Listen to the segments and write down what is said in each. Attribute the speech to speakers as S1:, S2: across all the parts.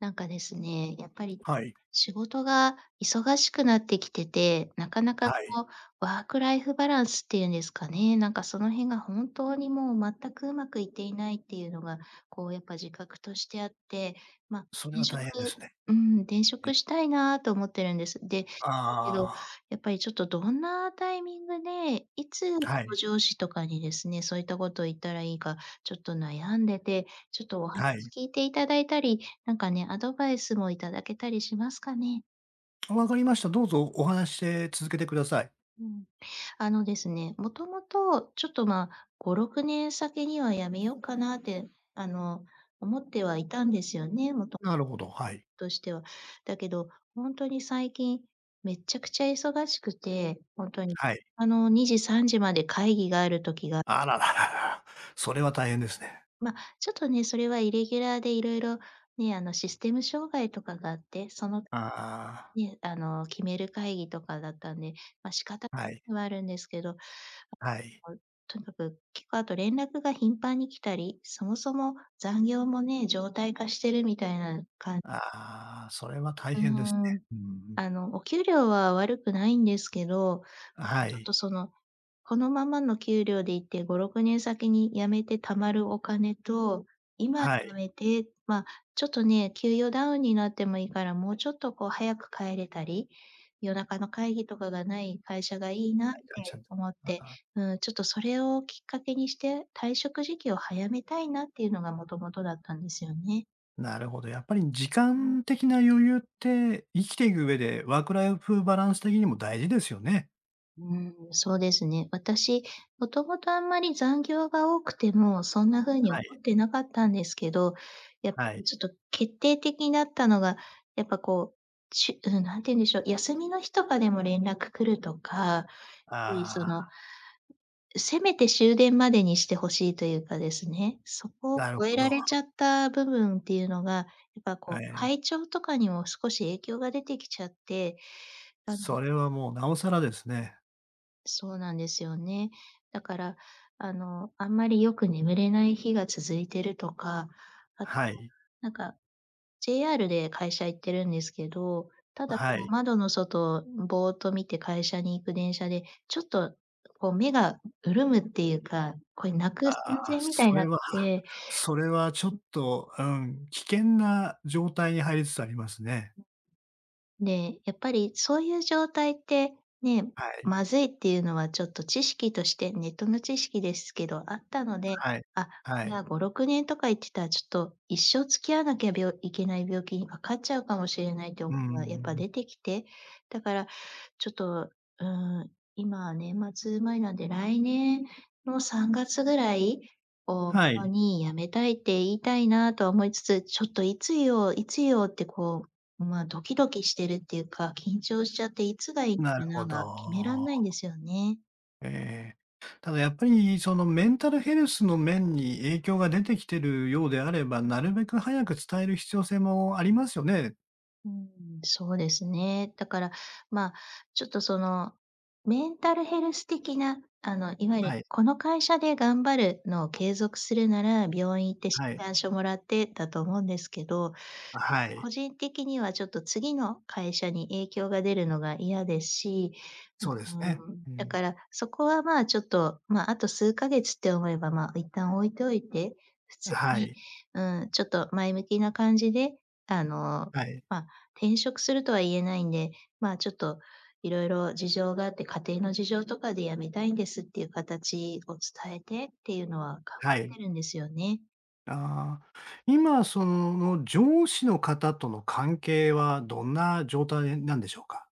S1: なんかですね、やっぱり
S2: はい。
S1: 仕事が忙しくなってきてて、なかな
S2: は
S1: かこ
S2: い。
S1: うワークライフバランスっていうんですかね、なんかその辺が本当にもう全くうまくいっていないっていうのが、こうやっぱ自覚としてあって、ま、
S2: それ
S1: 転
S2: は
S1: 職
S2: 大変ですね。
S1: うん、転
S2: え。
S1: 職したいなと思ってるんです。で、だけど、
S2: ああ。
S1: やっぱりちょっとどんなタイミングで、いつこ
S2: はい。
S1: う上司とかにですね、そういったことを言ったらいいか、ちょっと悩んでて、ちょっとお話
S2: はい。
S1: 聞いていただいたり、なんかね、アドバイスもいただけたりしますかね？
S2: 分かりました。どうぞお話しして、続けてください。
S1: うん。あのですね、もともと、ちょっと、ま、5、 6年先には辞めようかなって、あの、思ってはいたんですよね。もと…
S2: なるほど、はい。
S1: としては。だけど、本当に最近めっちゃくちゃ忙しくて、ほんとに、
S2: はい。
S1: あの、2時3時まで会議がある時が。
S2: あら、ら、ら、ら、それは大変ですね。
S1: ま、ちょっとね、それはイレギュラーで色々ね、あの、システム障害とかがあって、その
S2: ああ。
S1: ね、あの、決める会議とかだったんで、ま、仕方
S2: はい。
S1: はあるんですけど、
S2: はい。
S1: とにかく結構あと連絡が頻繁に来たり、そもそも残業もね、常態化してるみたいな感…
S2: ああ、それは大
S1: う
S2: 変です
S1: ー
S2: ね。
S1: ん、
S2: うーん。
S1: あの、お給料は悪くないんですけど、ん、
S2: は
S1: ちょっ
S2: い。
S1: とそのこのままの給料でいて5、6年先に辞めて貯まるお金と、今
S2: はい。
S1: 辞めて、ま、ちょっとね、給与ダウンになってもいいから、もうちょっとこう早く帰れたり、夜中の会議とかがない会社がいいなっ
S2: あい、会社
S1: て
S2: に、
S1: 思って。
S2: ああ。
S1: うん、ちょっとそれをきっかけにして、退職時期を早めたいなっていうのが元々だったんですよね。
S2: なるほど。やっぱり時間的な余裕って生きていく上でワークライフバランス的にも大事ですよね。
S1: うーん、そうですね。私、もともとあんまり残業が多くてもそんな風に
S2: はい。
S1: 思ってなかったんですけど、やっぱ
S2: はい。
S1: りちょっと決定的になったのが、やっぱこうちゅうん、何て言うんでしょう、休みの日とかでも連絡来るとか、やっぱりそ
S2: ああ。
S1: のせめて終電までにして欲しいというかですね、そこを
S2: なる
S1: 超え
S2: ほ
S1: ら
S2: ど。
S1: れちゃった部分っていうのが、やっぱ
S2: え
S1: こう
S2: え。
S1: 体調とかにも少し影響が出てきちゃって、なんで
S2: それはもう尚更ですね。
S1: そうなんですよね。だからあの、あんまりよく眠れない日が続いてるとか、あ
S2: は
S1: と、
S2: い。
S1: なんか、JR で会社行ってるんですけど、ただそ
S2: は
S1: の
S2: い。
S1: 窓の外をぼーっと見て会社に行く電車で、ちょっと、こう目が潤むっていうか、こう泣く寸
S2: ああ、
S1: 前みたい
S2: そ
S1: になっ
S2: れは
S1: て。
S2: それはちょっと、うん、危険な状態に入りつつありますね。
S1: で、やっぱりそういう状態って、ね。
S2: はい。
S1: 「まずい」っていうのはちょっと知識として、ネットの知識ですけどあったので、
S2: はい。
S1: あ、こ
S2: は
S1: れ
S2: い。
S1: は5、6年とか言ってたらちょっと一生付き合わなきゃびょいけない病気に罹っちゃうかもしれないという
S2: うー
S1: 思いがやっぱ
S2: ん。
S1: 出てきて、だからちょっと、うーん、今、年末前なんで来年の3月ぐらいを目
S2: は
S1: 途
S2: い。
S1: に辞めたいって言いたいなとは思いつつ、ちょっといつ言おう、いつ言おうってこう、ま、ドキドキしてるっていうか、緊張しちゃっていつがいい
S2: なる
S1: か
S2: ほ
S1: なが決めらん
S2: ど。
S1: ないんですよね。
S2: ええ。ただやっぱりそのメンタルヘルスの面に影響が出てきてるようであれば、なるべく早く伝える必要性もありますよね。
S1: うん、そうですね。だから、ま、ちょっとそのメンタルヘルス的な、あの、いわゆる
S2: はい。
S1: 「この会社で頑張る」のを継続するなら、病院行って診
S2: はい。
S1: 断書もらってだと思うんですけど、
S2: あ、はい。
S1: 個人的にはちょっと次の会社に影響が出るのが嫌ですし、
S2: そうですね。
S1: うん。
S2: う
S1: だ
S2: ん。
S1: から、そこは、ま、ちょっと、ま、あと数ヶ月って思えば、ま、一旦置いておいて、普通
S2: は
S1: に、
S2: い。
S1: うん、ちょっと前向きな感じで、あの、
S2: はい。
S1: ま、転職するとは言えないんで、まあちょっと「色々事情があって、家庭の事情とかで辞めたいんです」っていう形を伝えて、っていうのは考
S2: は
S1: え
S2: い。
S1: てるんですよね。
S2: ああ、今その上司の方との関係はどんな状態なんでしょうか？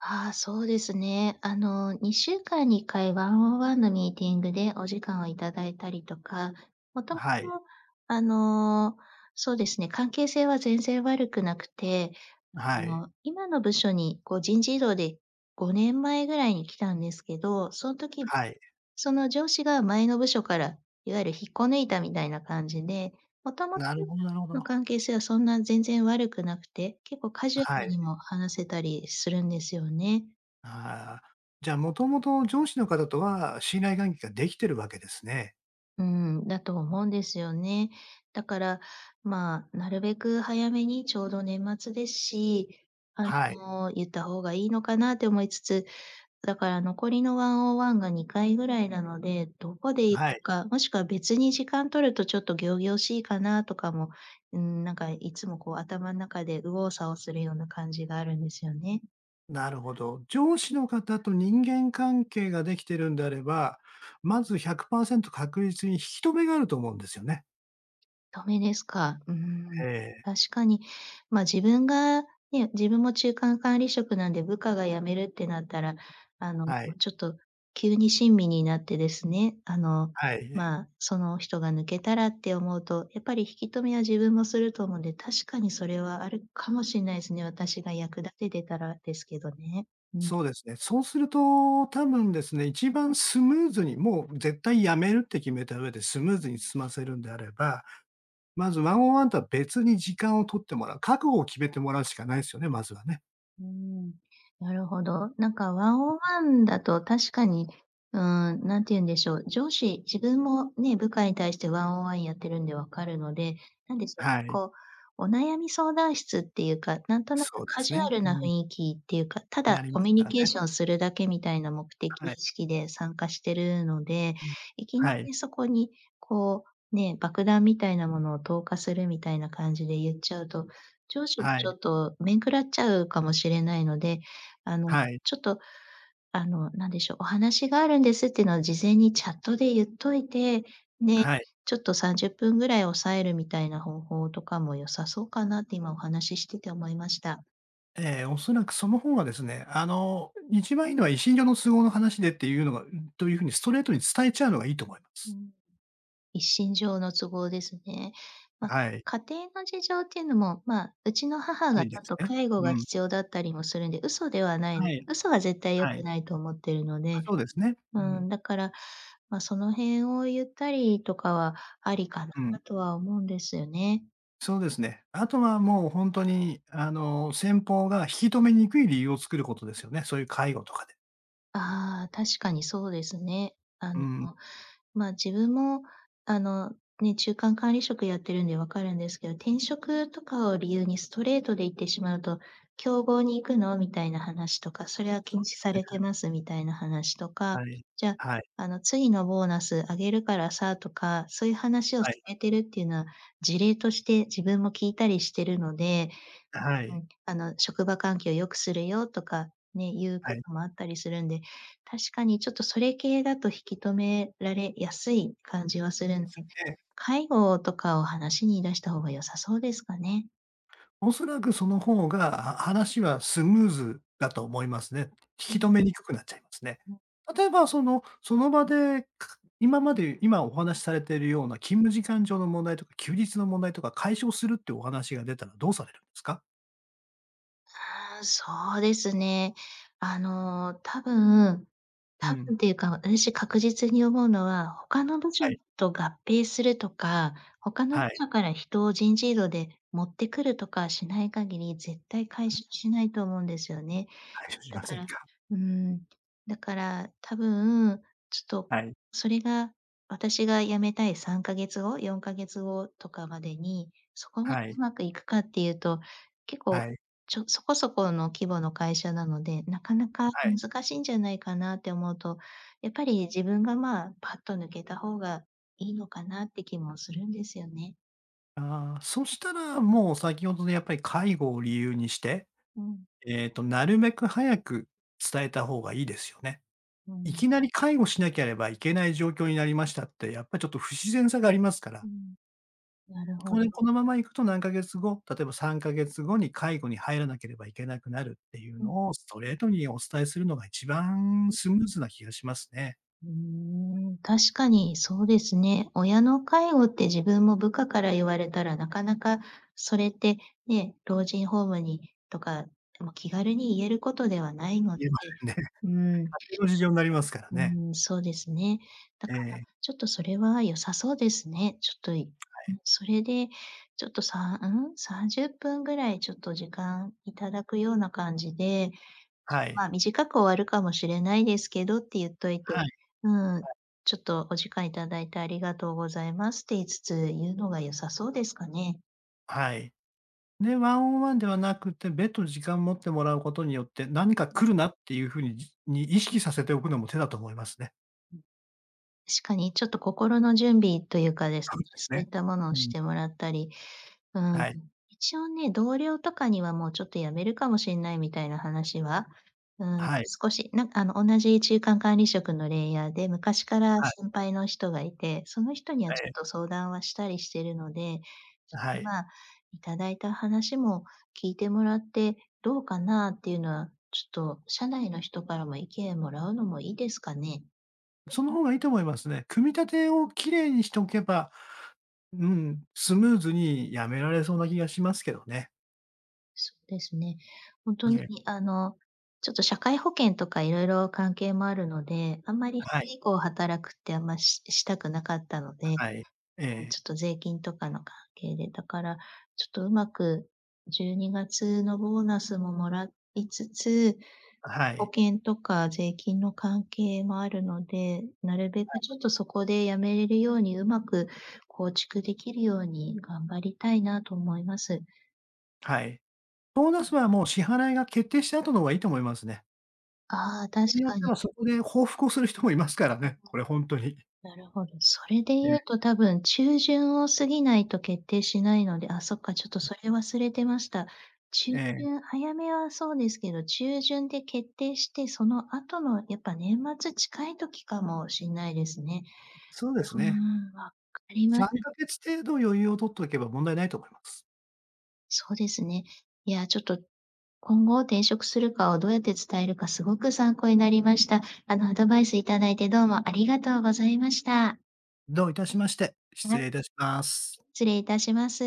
S1: あ、そうですね。あの2週間に1回ワンオンワンのミーティングでお時間をいただいたりとか、もともと
S2: はい。
S1: あの、そうですね、関係性は全然悪くなくて、
S2: は
S1: あ
S2: い。
S1: の今の部署にこう人事異動で5年前ぐらいに来たんですけど、その時
S2: はい。
S1: その上司が前の部署から、いわゆる引っこ抜いたみたいな感じで、元々
S2: なるほどなるほ
S1: の
S2: ど。
S1: 関係性はそんな全然悪くなくて、結構カジュア
S2: は
S1: ル
S2: い。
S1: にも話せたりするんですよね。
S2: あ、じゃあ、もともと上司の方とは、信頼関係ができてるわけですね。
S1: うん、だと思うんですよね。だから、まあ、なるべく早めにちょうど年末ですし、あ
S2: はい。
S1: の言った方がいいのかなと思いつつ、だから残りのワンオンワンが2回ぐらいなので、どこで言
S2: は
S1: うの
S2: い。
S1: か、もしくは別に時間取るとちょっと仰々しいかなとかも、ん、なんかいつもこう頭の中で右往左往するような感じがあるんですよね。
S2: なるほど。上司の方と人間関係ができてるんであれば、まず100%確率に引き留めがあると思うんですよね。
S1: 留めですか。うー
S2: え
S1: ん。
S2: え。
S1: 確かに。ま、自分が、ね。自分も中間管理職なんで部下が辞めるってなったら、あの、
S2: はい。
S1: ちょっと急に親身になってですね、あの、
S2: はい。
S1: まあ、その人が抜けたらって思うと、やっぱり引き留めは自分もすると思うんで、確かにそれはあるかもしれないですね。私が役立ててたらですけどね。うん。
S2: そうですね。そうすると多分ですね、一番スムーズに、もう絶対辞めるって決めた上でスムーズに済ませるんであれば、まずワンオンワンとは別に時間を取ってもらう。覚悟を決めてもらうしかないですよね、まずはね。
S1: うーん、なるほど。なんかワンオンワンだと確かに、うーん、何て言うんでしょう、上司、自分もね、部下に対してワンオンワンやってるんで分かるので、なんでしょう、
S2: はい。
S1: こう、お悩み相談室っていうか、なんとなく
S2: そうで
S1: カ
S2: す
S1: ジュア
S2: ね。
S1: ル
S2: う
S1: な雰
S2: ん。
S1: 囲気っていうか、た
S2: に、な
S1: だ
S2: りま
S1: コ
S2: す
S1: ミュ
S2: か
S1: ニ
S2: ら
S1: ケー
S2: ね。
S1: ションするだけみたいな目的意
S2: はい。
S1: 識で参加してるので、
S2: うん。
S1: いきな
S2: はい。
S1: りそこにこう、ね、爆弾みたいなものを投下するみたいな感じで言っちゃうと、上司も
S2: は
S1: ち
S2: い。
S1: ょっと面食らっちゃうかもしれないので、あの、
S2: はい。
S1: ちょっと、あの、何でしょう、お話があるんですっていうのは事前にチャットで言っといて、ね、
S2: はい。
S1: ちょっと30分ぐらい押さえるみたいな方法とかも良さそうかなって、今お話ししてて思いました。
S2: ええ、おそらくそのほうがですね、あの、一番いいのは一身上の都合の話でっていうのがという風にストレートに伝えちゃうのがいいと思いま
S1: う
S2: す。
S1: ん。一身上の都合ですね。ま、
S2: はい。
S1: 家庭の事情っていうのも、ま、うちの母
S2: あ
S1: がち
S2: りで
S1: ょっ
S2: す
S1: と
S2: ね、
S1: 介護
S2: う
S1: が
S2: ん。
S1: 必要だったりもするんで、嘘ではない、
S2: はい。
S1: 嘘は絶対良
S2: は
S1: く
S2: い。
S1: ないと思っているの
S2: あ、
S1: で
S2: そうですね。
S1: う
S2: う
S1: ー
S2: ん。
S1: ん、だから、ま、その辺を言ったりとかはありか
S2: うん。
S1: なとは思うんですよね。
S2: そうですね。あとは、もう、ほんとに、あの、先方が引き止めにくい理由を作ることですよね、そういう介護とかで。
S1: ああ、確かにそうですね。あ
S2: う
S1: の、
S2: ん。
S1: もう、ま、自分も、あの、ね、中間管理職やってるんで分かるんですけど、転職とかを理由にストレートで言ってしまうと「競合に行くの？」みたいな話とか「それは
S2: そ
S1: 禁
S2: うで
S1: 止
S2: す
S1: されて
S2: ね。
S1: ます」みたいな話とか、
S2: はい。
S1: じゃ、
S2: はい。
S1: あの、「次のボーナス上げるからさ」とか、そういう話を
S2: は
S1: 進
S2: い。
S1: めているっていうのは、事例として自分も聞いたりしてるので、
S2: は
S1: うん
S2: い。
S1: うん、あの「職場環境を良くするよ」とかね、いうこ
S2: はい。
S1: ともあったりするんで、確かに、ちょっと、それ系だと引き止められやすい感じはするん
S2: で
S1: で、
S2: すよね。
S1: 介護をとかを話に出した方が良さそうですかね。
S2: おそらぐその方が、話はスムーズだと思いますね。引
S1: う
S2: き
S1: ん。
S2: 留めにくくなっちゃいますね。
S1: う。
S2: 例えばそのその場で、かか、今まで、今お話しされてるような勤務時間上の問題とか、休日の問題とか解消するっていうお話が出たらどうされるんですか？
S1: ああ、そうですね。あの、多分、
S2: う
S1: 多
S2: ん。
S1: 分っていうか、うし確実に思うのは、他の部署
S2: はい。
S1: と合併するとか、他の部
S2: はい。
S1: 署から人を人事異動で持ってくるとかしない限り、絶対解消しないと思うんですよね。
S2: 解消し
S1: だ
S2: ませ
S1: か
S2: ん
S1: ら
S2: か。
S1: うーん、だから多分、ちょっと
S2: はい。
S1: それが私が辞めたい3か月後、4か月後とかまでに、そこま
S2: は
S1: で
S2: い。
S1: うまくいくかっていうと、結構、
S2: はい。
S1: ちょそこそこの規模の会社なので、なかなか
S2: はい。
S1: 難しいんじゃないかなって思うと、やっぱり自分が、まあ、パッと抜けた方がいいのかなって気もするんですよね。
S2: ああ、そしたらもう先ほどのやっぱり介護を理由にして、
S1: うん。
S2: えっと、なるべく早く伝えた方がいいですよね。
S1: う
S2: い
S1: ん。
S2: きなり介護しなければいけない状況になりましたってやっぱりちょっと不自然さがありますから。
S1: うん。なるほ
S2: これ、
S1: ど。
S2: このまま行くと何ヶ月後、例えば3か月後に介護に入らなければいけなくなるっていう
S1: うん。
S2: のを、ストレートにお伝えするのが一番
S1: うん。
S2: スムーズな気がしますね。
S1: うーん、確かにそうですね。親の介護って自分も部下から言われたらなかなか、それってね、老人ホームにとか、ま、気軽に言えることではないので
S2: 言えませんね。家
S1: うーん。
S2: 庭の事情になりますから
S1: う
S2: ね。
S1: ーん、そうですね。だ
S2: え
S1: から、
S2: え。
S1: ちょっとそれは良さそうですね。ちょっとい
S2: は
S1: う
S2: い。
S1: ん、それでちょっとさんうん？30分ぐらいちょっと時間いただくような感じで、ちょ、
S2: はい。
S1: まあ、短く終わるかもしれないですけどって言っといて、
S2: はい。
S1: うん、
S2: はい。
S1: ちょっとお時間いただいてありがとうございますって言いつつ言うのが良さそうですかね。
S2: はい。で、ワンオンワンではなくて、別途時間持ってもらうことによって何
S1: うん
S2: か
S1: うん。
S2: 来るなっていう風にに意識させておくのも手だと思いますね。
S1: うん。しかに、ちょっと心の準備というかです
S2: そ
S1: ね、
S2: うです
S1: そういっ
S2: ね。
S1: たものを
S2: う
S1: し
S2: ん。
S1: てもらったり。うーん、
S2: はい。
S1: 一応ね、同僚とかにはもうちょっと辞めるかもしんないみたいな話は、うーん、
S2: はい。
S1: 少しなんあの、同じ中間管理職のレイヤーで、昔から
S2: はい。
S1: 先輩の人がいて、その人には
S2: え
S1: ちょっ
S2: え。
S1: と相談はしたりしてるので、
S2: はい。
S1: ま、いただいた話も聞いてもらって、どうかなっていうのは、ちょっと社内の人からも意見もらうのもいいですかね。
S2: その方がいいと思いますね。組み立てを綺麗にしておけば、うん、スムーズに辞められそうな気がしますけどね。
S1: そうですね。本当
S2: い
S1: に、
S2: え。
S1: あの、ちょっと社会保険とか色々関係もあるので、あんまり、そ
S2: は
S1: れ
S2: い。
S1: 以降働くって、あんまししたくなかったので、う
S2: はい。え
S1: ーん、
S2: え。
S1: ちょっと税金とかの関係で。だから、ちょっとうまく12月のボーナスももらいつつ、
S2: は
S1: 保
S2: い。
S1: 険とか税金の関係もあるので、なるべ
S2: はい。
S1: くちょっとそこで辞めれるように上手く構築できるように頑張りたいなと思います。
S2: はい。ボーナスはもう支払いが決定した後の方がいいと思いますね。
S1: ああ、確
S2: 人によっ
S1: か
S2: ては
S1: に。
S2: そこで報復をする人もいますから
S1: うん
S2: ね、これほんとに。
S1: うん。なるほど。それで言う
S2: え。
S1: と多分中旬を過ぎないと決定しないので。あ、そっか、ちょっとそれ忘れてました。中
S2: ええ。
S1: 旬、早めはそうですけど、中旬で決定して、その後のやっぱ年末近い時かもしんないですね。
S2: そうです
S1: う
S2: ね。
S1: ーん、わかります。
S2: 3か月程度余裕を取っておけば問題ないと思います。
S1: そうですね。いや、ちょっと、今後転職するかをどうやって伝えるかすごく参考になりました。あの、アドバイスいただいてどうもありがとうございました。
S2: どういたしまして、失
S1: はい。
S2: 礼いたします。
S1: 失礼いたします。